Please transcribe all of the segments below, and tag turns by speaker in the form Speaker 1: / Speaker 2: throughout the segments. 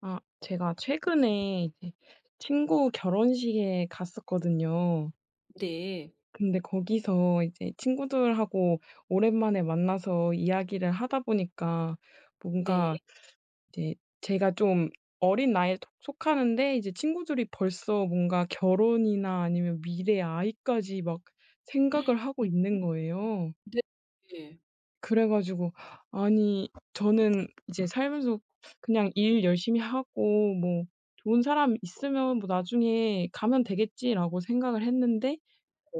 Speaker 1: 아 제가 최근에 이제 친구 결혼식에 갔었거든요.
Speaker 2: 네.
Speaker 1: 근데 거기서 이제 친구들하고 오랜만에 만나서 이야기를 하다 보니까
Speaker 2: 네.
Speaker 1: 뭔가 이제 제가 좀 어린 나이에 톡 속하는데 이제 친구들이 벌써 뭔가 결혼이나 아니면 미래의 아이까지 막
Speaker 2: 음
Speaker 1: 생각을 하고 있는 거에요.
Speaker 2: 네 네.
Speaker 1: 그래 가지고 아니 저는 이제 살면서 '그냥 일 열심히 하고 뭐 좋은 사람 있으면 뭐 나중에 가면 되겠지.'라고 생각을 했는데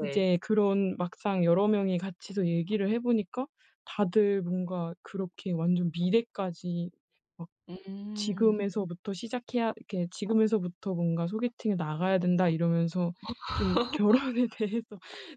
Speaker 2: 네.
Speaker 1: 그런 막상 여러 명이 같이서 얘기를 해 보니까 다들 뭔가 그렇게 완전 미래까지 막
Speaker 2: 음.
Speaker 1: 지금에서부터 시작해야 이렇게 '지금에서부터 뭔가 소개팅에 나가야 된다.' 이러면서 좀 결혼에 대해서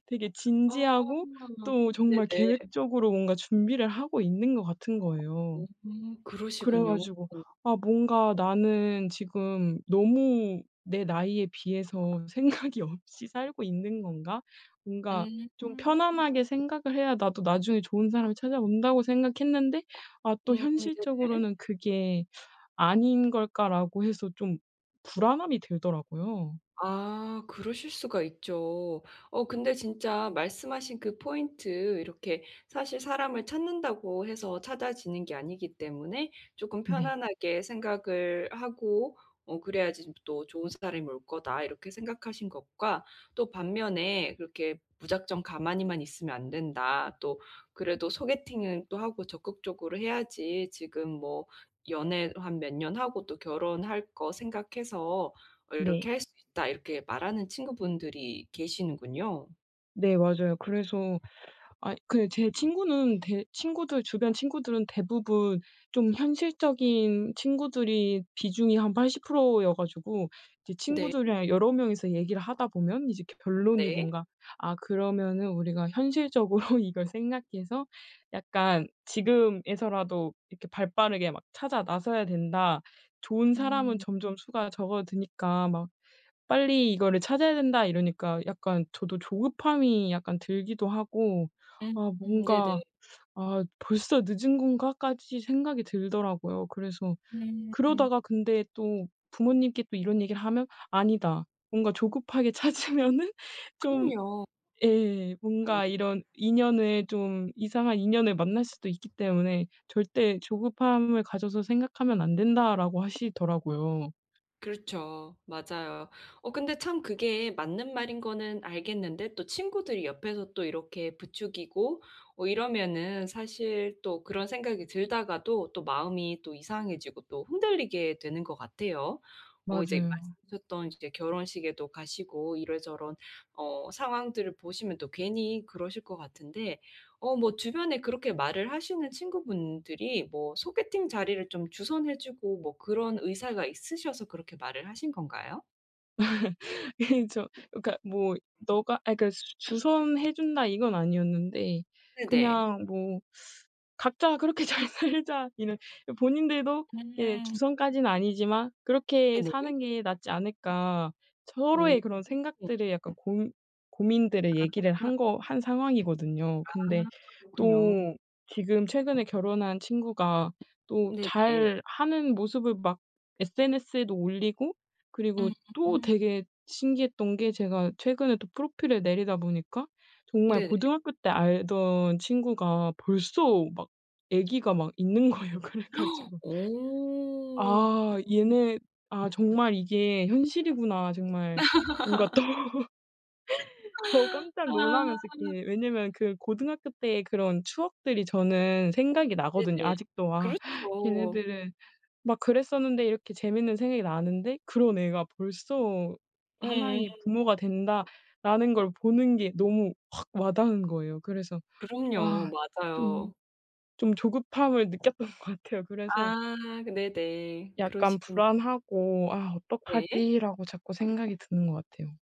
Speaker 1: 되게
Speaker 2: 아
Speaker 1: 진지하고 또 정말
Speaker 2: 네네.
Speaker 1: 계획적으로 뭔가 준비를 하고 있는 것 같은 거예요.
Speaker 2: 음
Speaker 1: 그래
Speaker 2: 그러시군요.
Speaker 1: 가지고 '아 뭔가 나는 지금 너무 내 나이에 비해서 생각이 없이 살고 있는 건가?' 뭔가
Speaker 2: 음.
Speaker 1: 좀 편안하게 생각을 해야 나도 나중에 좋은 사람이 찾아온다고 생각했는데 아 또
Speaker 2: 음 네네.
Speaker 1: '현실적으로는 그게 아닌 걸까?'라고 해서 좀 불안함이 들더라고요.
Speaker 2: 아 그러실 수가 있죠. 어 근데 진짜 말씀하신 그 포인트 이렇게 사실 '사람을 찾는다고 해서 찾아지는 게 아니기 때문에 쪼끔
Speaker 1: 네.
Speaker 2: 편안하게 생각을 하고 어 그래야지 좀 또 좋은 사람이 올 거다.' 이렇게 생각하신 것과 또 반면에 "그렇게 무작정 가만히만 있으면 안된다. 또 그래도 소개팅은 또 하고 적극적으로 해야지 지금 뭐 연애 한 몇 년 하고 또 결혼할 거 생각해서 어
Speaker 1: 네.
Speaker 2: 이렇게 할 수 있다." 이렇게 말하는 친구분들이 계시는군요.
Speaker 1: 네, 맞아요. 그래서 아이 그 제 친구는 대 친구들 주변 친구들은 대부분 좀 현실적인 친구들이 비중이 한 80% 여 가지고 이제
Speaker 2: 네.
Speaker 1: 친구들이랑 여러 명 이서 얘기를 하다 보면 이제 결론이
Speaker 2: 네.
Speaker 1: 뭔가 아, 그러면은 우리가 현실적으로 이걸 생각해서 약간 "지금에서라도 이렇게 발 빠르게 막 찾아 나서야 된다. 좋은 사람은
Speaker 2: 음.
Speaker 1: 점점 수가 적어드니까 막 빨리 이거를 찾아야 된다." 이러니까 약간 저도 조급함이 약간 들기도 하고
Speaker 2: 음.
Speaker 1: 아
Speaker 2: 음,
Speaker 1: 뭔가
Speaker 2: 네네.
Speaker 1: '아 벌써 늦은 건가?' 까지 생각이 들더라고요. 그래서
Speaker 2: 음. 음
Speaker 1: 그러다가 근데 또 부모님께 또 이런 얘기를 하면 "아니다, 뭔가 조급하게 찾으면은 좀
Speaker 2: 그럼요.
Speaker 1: 예 뭔가
Speaker 2: [unintelligible]
Speaker 1: 이런 인연을 좀 이상한 인연을 만날 수도 있기 때문에 절대 조급함을 가져서 생각하면 안 된다."라고 하시더라고요.
Speaker 2: 그렇죠. 맞아요. 어, 근데 참 그게 맞는 말인 거는 알겠는데 또 친구들이 옆에서 또 이렇게 부추기고 어 이러면은 사실 또 그런 생각이 들다가도 또 마음이 또 이상해지고 또 흔들리게 되는 것 같아요. 어, 이제
Speaker 1: 맞아요.
Speaker 2: 말씀하셨던 이제 결혼식에도 가시고 이런저런 어 상황들을 보시면 또 괜히 그러실 것 같은데. 어 뭐 주변에 그렇게 말을 하시는 친구분들이 뭐 소개팅 자리를 좀 주선해 주고 뭐 그런 의사가 있으셔서 그렇게 말을 하신 건가요?
Speaker 1: 이 저 그렇니까 뭐 너가 아 그렇니까 "주선해 준다." 이건 아니었는데
Speaker 2: 네네.
Speaker 1: 그냥 뭐 "각자 그렇게 잘 살자." 이런 본인들도 예
Speaker 2: 음.
Speaker 1: '주선까지는 아니지만 그렇게
Speaker 2: 네네.
Speaker 1: 사는 게 낫지 않을까?'
Speaker 2: 음.
Speaker 1: 서로의 그런 생각들의 약간 고 고민들의 얘기를
Speaker 2: 아.
Speaker 1: 한 거 한 상황이거든요.
Speaker 2: 아
Speaker 1: 근데 또
Speaker 2: 그렇군요.
Speaker 1: 지금 최근에 결혼한 친구가 또
Speaker 2: 네 네.
Speaker 1: 잘 하는 모습을 막 SNS에도 올리고 그리고
Speaker 2: 음.
Speaker 1: 또 되게 신기했던 게 제가 최근에 또 프로필을 내리다 보니까 정말
Speaker 2: 네네.
Speaker 1: 고등학교 때 알던 친구가 벌써 막 애기가 막 있는 거예요. 그래 가지고
Speaker 2: 어.
Speaker 1: '아
Speaker 2: 어.
Speaker 1: 얘네 아 정말 이게 현실이구나.' 정말 뭔가 또. 저 깜짝 놀라면서
Speaker 2: 아.
Speaker 1: 이렇게 왜냐하면 그 고등학교때 그런 추억들이 저는 생각이 나거든요.
Speaker 2: 네네.
Speaker 1: 아직도 막
Speaker 2: 그렇죠.
Speaker 1: 걔네들은 막 그랬었는데 이렇게 재밌는 생각이 나는데 '그런 애가 벌써
Speaker 2: 응.
Speaker 1: 하나의 부모가 된다.'라는 걸 보는 게 너무 확 와닿은 거예요. 그래서 아
Speaker 2: 그럼요.
Speaker 1: 좀
Speaker 2: 맞아요.
Speaker 1: 좀 조급함을 느꼈던 것 같아요. 그래서
Speaker 2: 아 네네.
Speaker 1: 약간
Speaker 2: 그러시군요.
Speaker 1: 불안하고 '아
Speaker 2: 네.
Speaker 1: 어떡하지?'라고 자꾸 생각이 드는 것 같아요.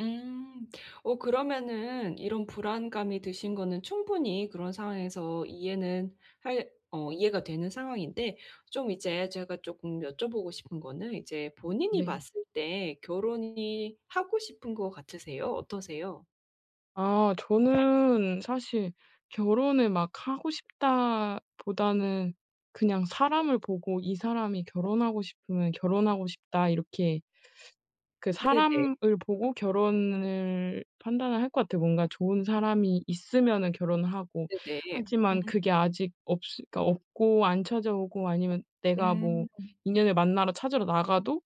Speaker 2: 음. 어, 그러면은 이런 불안감이 드신 거는 충분히 그런 상황에서 이해는 할 어, 이해가 되는 상황인데 좀 이제 제가 쪼끔 여쭤보고 싶은 거는 이제 본인이
Speaker 1: 네.
Speaker 2: 봤을 때 결혼이 하고 싶은 것 같으세요? 어떠세요?
Speaker 1: 아, 저는 사실 '결혼을 막 하고 싶다.' 보다는 그냥 사람을 보고 '이 사람이 결혼하고 싶으면 결혼하고 싶다.' 이렇게 그
Speaker 2: 네 네.
Speaker 1: 사람을 보고 결혼을 판단을 할 것 같아요. 뭔가 좋은 사람이 있으면은 결혼을 하고,
Speaker 2: 네네.
Speaker 1: 하지만
Speaker 2: 음
Speaker 1: 그게 아직 없으 그러니까 없고 안 찾아오고 아니면 내가 뭐
Speaker 2: 음.
Speaker 1: 인연을 만나러 찾으러 나가도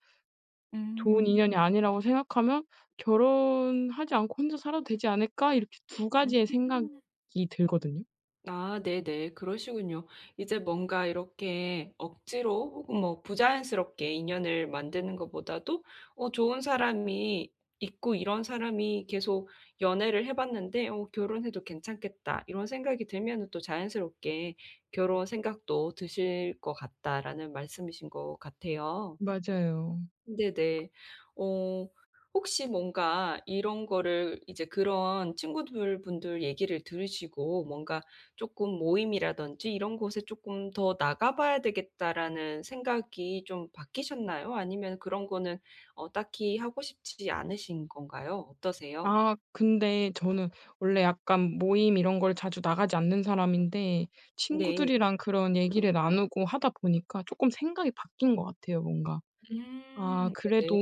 Speaker 1: 좋은
Speaker 2: 음.
Speaker 1: 인연이 아니라고 생각하면 '결혼 하지 않고 혼자 살아도 되지 않을까?' 이렇게 2 가지의 생각이
Speaker 2: 음.
Speaker 1: 들거든요.
Speaker 2: 아, 네네. 그러시군요. 이제 뭔가 이렇게 억지로 혹은 뭐 부자연스럽게 인연을 만드는 것보다도 "어, 좋은 사람이 있고 이런 사람이 계속 연애를 해 봤는데 '어, 결혼해도 괜찮겠다.' 이런 생각이 들면은 또 자연스럽게 결혼 생각도 드실 것 같다."라는 말씀이신 것 같아요.
Speaker 1: 맞아요.
Speaker 2: 네네. 어 혹시 뭔가 이런 거를 이제 그런 친구들 분들 얘기를 들으시고 뭔가 '쪼끔 모임이라든지 이런 곳에 쪼끔 더 나가봐야 되겠다.'라는 생각이 좀 바뀌셨나요? 아니면 그런 거는 어, 딱히 하고 싶지 않으신 건가요? 어떠세요?
Speaker 1: 아 근데 저는 원래 약간 모임 이런 걸 자주 나가지 않는 사람인데
Speaker 2: 네.
Speaker 1: 친구들이랑 그런 얘기를 나누고 하다 보니까 쪼끔 생각이 바뀐 것 같아요, 뭔가. 아,
Speaker 2: 음.
Speaker 1: 그래도
Speaker 2: 네네.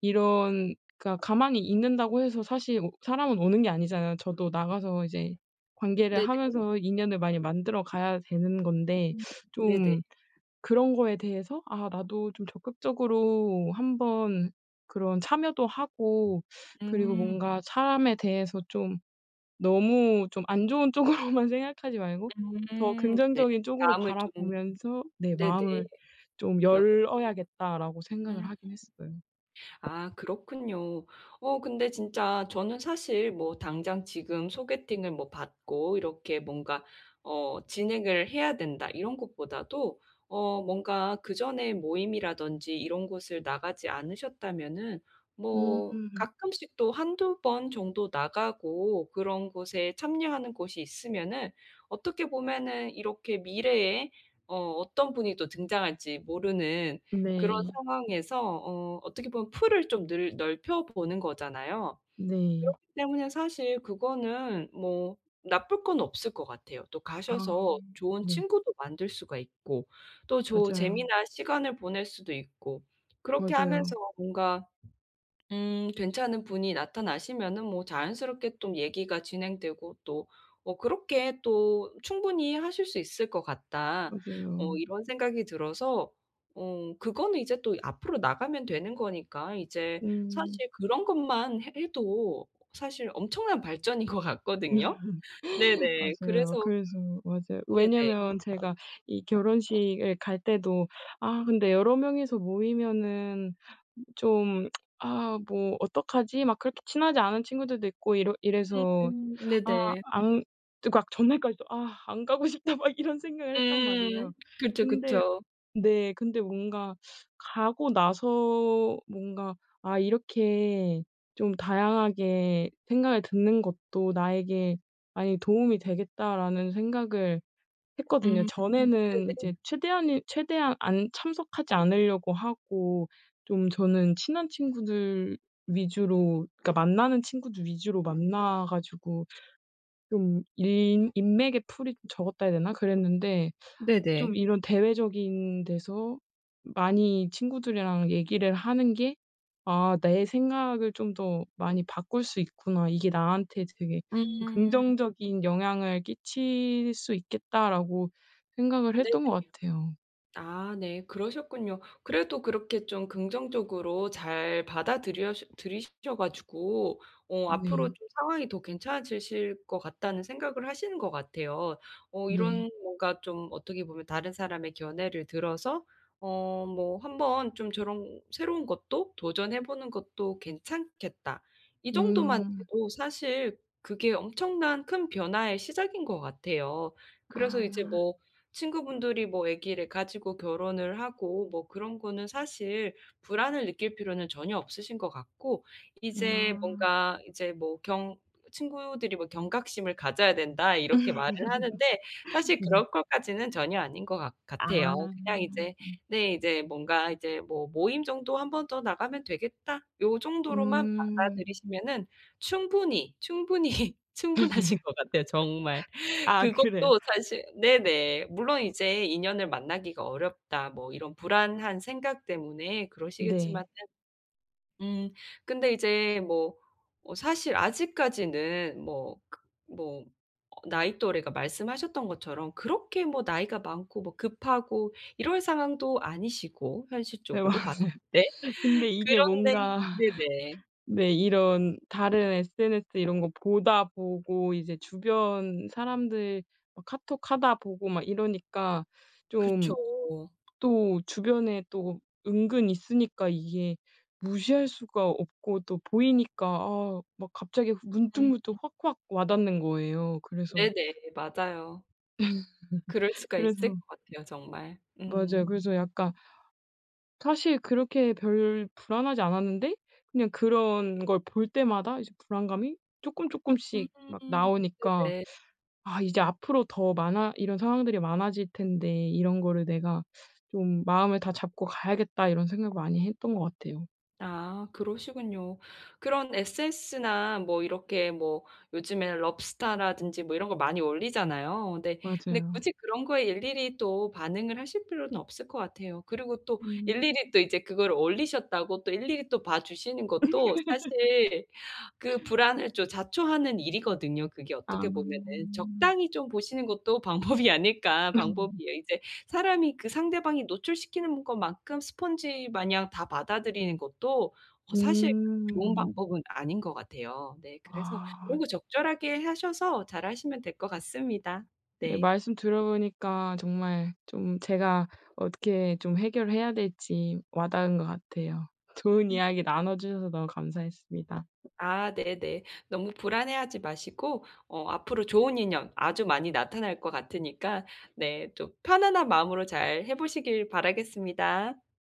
Speaker 1: 이런 그러니까 가만히 있는다고 해서 사실 어, 사람은 오는 게 아니잖아요. 저도 나가서 이제 관계를
Speaker 2: 네네.
Speaker 1: 하면서 인연을 많이 만들어가야 되는 건데
Speaker 2: 음, 네네.
Speaker 1: 좀 그런 거에 대해서 아, 나도 좀 적극적으로 한번 그런 참여도 하고, 그리고
Speaker 2: 음.
Speaker 1: 뭔가 사람에 대해서 좀 '너무 좀 안 좋은 쪽으로만 생각하지 말고, 더
Speaker 2: 음. 네.
Speaker 1: 긍정적인 쪽으로
Speaker 2: 마음을 좀
Speaker 1: 바라보면서 내
Speaker 2: 네네.
Speaker 1: 마음을 좀
Speaker 2: [unintelligible]
Speaker 1: 열어야겠다.'라고 생각을
Speaker 2: 음.
Speaker 1: 하긴 했어요.
Speaker 2: 아, 그렇군요. 어, 근데 진짜 저는 사실 뭐 '당장 지금 소개팅을 뭐, 받고 이렇게 뭔가 어, 진행을 해야 된다,' 이런 것보다도 어 뭔가 그전에 모임이라든지 이런 곳을 나가지 않으셨다면은 뭐
Speaker 1: 음.
Speaker 2: 가끔씩 또 한두 번 정도 나가고 그런 곳에 참여하는 곳이 있으면은 어떻게 보면은 이렇게 미래에 어 어떤 분이 또 등장할지 모르는 그런
Speaker 1: 네.
Speaker 2: 상황에서 어 어떻게 보면 풀을 좀 늘 넓혀 보는 거잖아요.
Speaker 1: 네.
Speaker 2: 그렇기 때문에 사실 그거는 뭐 나쁠 건 없을 것 같아요. 또
Speaker 1: 아
Speaker 2: 가셔서 좋은
Speaker 1: 네.
Speaker 2: 친구도 만들 수가 있고 또 좋은
Speaker 1: 맞아요.
Speaker 2: 재미난 시간을 보낼 수도 있고 그렇게 하면서
Speaker 1: 맞아요.
Speaker 2: 뭔가 음 괜찮은 분이 나타나시면은 뭐 자연스럽게 또 얘기가 진행되고 또 뭐 그렇게 또 '충분히 하실 수 있을 것 같다.' 어
Speaker 1: 맞아요.
Speaker 2: 이런 생각이 들어서 어 그거는 이제 또 앞으로 나가면 되는 거니까 이제
Speaker 1: 음.
Speaker 2: 사실 그런 것만 해 해도 사실 엄청난 발전인 것 같거든요. 네네,
Speaker 1: 맞아요.
Speaker 2: 그래서
Speaker 1: 그래서 맞아요.
Speaker 2: 네네.
Speaker 1: 왜냐하면 제가 이 결혼식을 갈 때도 아 근데 여러 명 이서 모이면은 좀 '아, 뭐 어떡하지?' 막 그렇게 친하지 않은 친구들도 있고 이러 이래서
Speaker 2: 음.
Speaker 1: 아
Speaker 2: 네네.
Speaker 1: 안 그러니까 전날까지도 '아, 안 가고 싶다.' 막 이런 생각을 했단
Speaker 2: 음.
Speaker 1: 말이에요.
Speaker 2: 그쵸,
Speaker 1: 근데
Speaker 2: 그쵸.
Speaker 1: 네 근데 뭔가 가고 나서 뭔가 '아, 이렇게 좀 다양하게 생각을 듣는 것도 나에게 많이 도움이 되겠다.'라는 생각을 했거든요.
Speaker 2: 음.
Speaker 1: 전에는 이제
Speaker 2: 네네.
Speaker 1: 최대한은, 최대한 않 참석하지 않으려고 하고 좀 저는 친한 친구들 위주로 그러니까 만나는 친구들 위주로 만나 가지고 좀 인 인맥의 풀이 좀 적었다 해야 되나? 그랬는데
Speaker 2: 네네.
Speaker 1: 좀 이런 대외적인 데서 많이 친구들이랑 얘기를 하는 게 '아 내 생각을 좀 더 많이 바꿀 수 있구나. 이게 나한테 되게
Speaker 2: 음.
Speaker 1: 긍정적인 영향을 끼칠 수 있겠다.'라고 생각을
Speaker 2: 네네.
Speaker 1: 했던 것 같아요.
Speaker 2: 아, 네, 그러셨군요. 그래도 그렇게 좀 긍정적으로 잘 받아들여 들이셔 가지고 '어, 앞으로
Speaker 1: 네.
Speaker 2: 좀 상황이 더 괜찮아지실 것 같다.'는 생각을 하시는 것 같아요. 어
Speaker 1: 네.
Speaker 2: 이런 뭔가 좀 어떻게 보면 다른 사람의 견해를 들어서 어 뭐 '한번 좀 저런 새로운 것도 도전해 보는 것도 괜찮겠다.' 이 정도만
Speaker 1: 음.
Speaker 2: 돼도 사실 그게 엄청난 큰 변화의 시작인 것 같아요. 그래서 이제
Speaker 1: 아.
Speaker 2: 뭐 친구분들이 뭐 아기를 가지고 결혼을 하고 뭐 그런 거는 사실 불안을 느낄 필요는 전혀 없으신 것 같고. 이제
Speaker 1: 음, 아.
Speaker 2: 뭔가 이제 뭐 경 친구들이 뭐 경각심을 가져야 된다.
Speaker 1: 음.
Speaker 2: 이렇게 말을 하는데 사실
Speaker 1: 네.
Speaker 2: 그럴 것까지는 전혀 아닌 것 같 같아요.
Speaker 1: 아.
Speaker 2: 그냥 이제 네, 이제 뭔가 이제 뭐 '모임 정도 한 번 더 나가면 되겠다.' 이 정도로만
Speaker 1: 음.
Speaker 2: 받아들이시면은 충분히, 충분히, 충분하신 것 같아요, 정말.
Speaker 1: 아, 그래요.
Speaker 2: 그것도 사실 네네. 물론 '이제 인연을 만나기가 어렵다.' 뭐 이런 불안한 생각 때문에 그러시겠지만은.
Speaker 1: 네.
Speaker 2: 음, 근데 이제 뭐 어사실 아직까지는 뭐 그 뭐 어 나이 또래가 말씀하셨던 것처럼 그렇게 뭐 나이가 많고 뭐 급하고 이럴 상황도 아니시고
Speaker 1: 네, 맞아요.
Speaker 2: 현실적으로 봤을 때.
Speaker 1: 근데 이게
Speaker 2: 그런데
Speaker 1: 뭔가
Speaker 2: 네네.
Speaker 1: 네, 이런 다른 SNS 이런 거 보다 보고 이제 주변 사람들 카톡하다 보고 막 이러니까
Speaker 2: 그렇죠.
Speaker 1: 좀 또 주변에 또 은근 있으니까 이게 무시할 수가 없고 또 보이니까 아 막 갑자기
Speaker 2: 음.
Speaker 1: 문득문득 확확 와 닿는 거예요. 그래서
Speaker 2: 네네. 맞아요. 그럴 수가 있을
Speaker 1: 그래서
Speaker 2: 것 같아요, 정말. 음.
Speaker 1: 맞아요. 그래서 약간 사실 그렇게 별 불안하지 않았는데 그냥 그런 걸 볼 때마다 이제 불안감이 쪼끔쪼끔씩 막
Speaker 2: 음.
Speaker 1: 나오니까
Speaker 2: 네네.
Speaker 1: '아, 이제 앞으로 더 많아 이런 상황들이 많아질 텐데 이런 거를 내가 좀 마음을 다잡고 가야겠다.' 이런 생각을 많이 했던 것 같아요.
Speaker 2: 아, 그러시군요. 그런 SNS나 뭐 이렇게 뭐 요즘에는 럽스타라든지 뭐 이런 거 많이 올리잖아요. 근데, 근데
Speaker 1: 맞아요.
Speaker 2: 굳이 그런 거에 일일이 또 반응을 하실 필요는 없을 것 같아요. 그리고 또
Speaker 1: 음.
Speaker 2: 일일이 또 이제 그걸 올리셨다고 또 일일이 또 봐 주시는 것도 사실 그 불안을 또 자초하는 일이거든요, 그게
Speaker 1: 아.
Speaker 2: 어떻게 보면은. 적당히 좀 보시는 것도 방법이 아닐까
Speaker 1: 음.
Speaker 2: 방법이에요. 이제 사람이 그 상대방이 노출시키는 것만큼 스펀지마냥 다 받아들이는 것도 다 사실 좋은
Speaker 1: 음.
Speaker 2: 방법은 아닌 것 같아요. 네. 그래서
Speaker 1: 아.
Speaker 2: 그런 거
Speaker 1: [unintelligible]
Speaker 2: 적절하게 하셔서 잘 하시면 될 것 같습니다.
Speaker 1: 네,
Speaker 2: 네.
Speaker 1: 말씀 들어 보니까 정말 좀 제가 어떻게 좀 해결해야 될지 와 닿은 것 같아요. 좋은
Speaker 2: 음.
Speaker 1: 이야기 나눠 주셔서 너무 감사했습니다.
Speaker 2: 아, 네네. 너무 불안해하지 마시고 어 앞으로 좋은 인연 아주 많이 나타날 것 같으니까 네 좀 편안한 마음으로 잘 해보시길 바라겠습니다.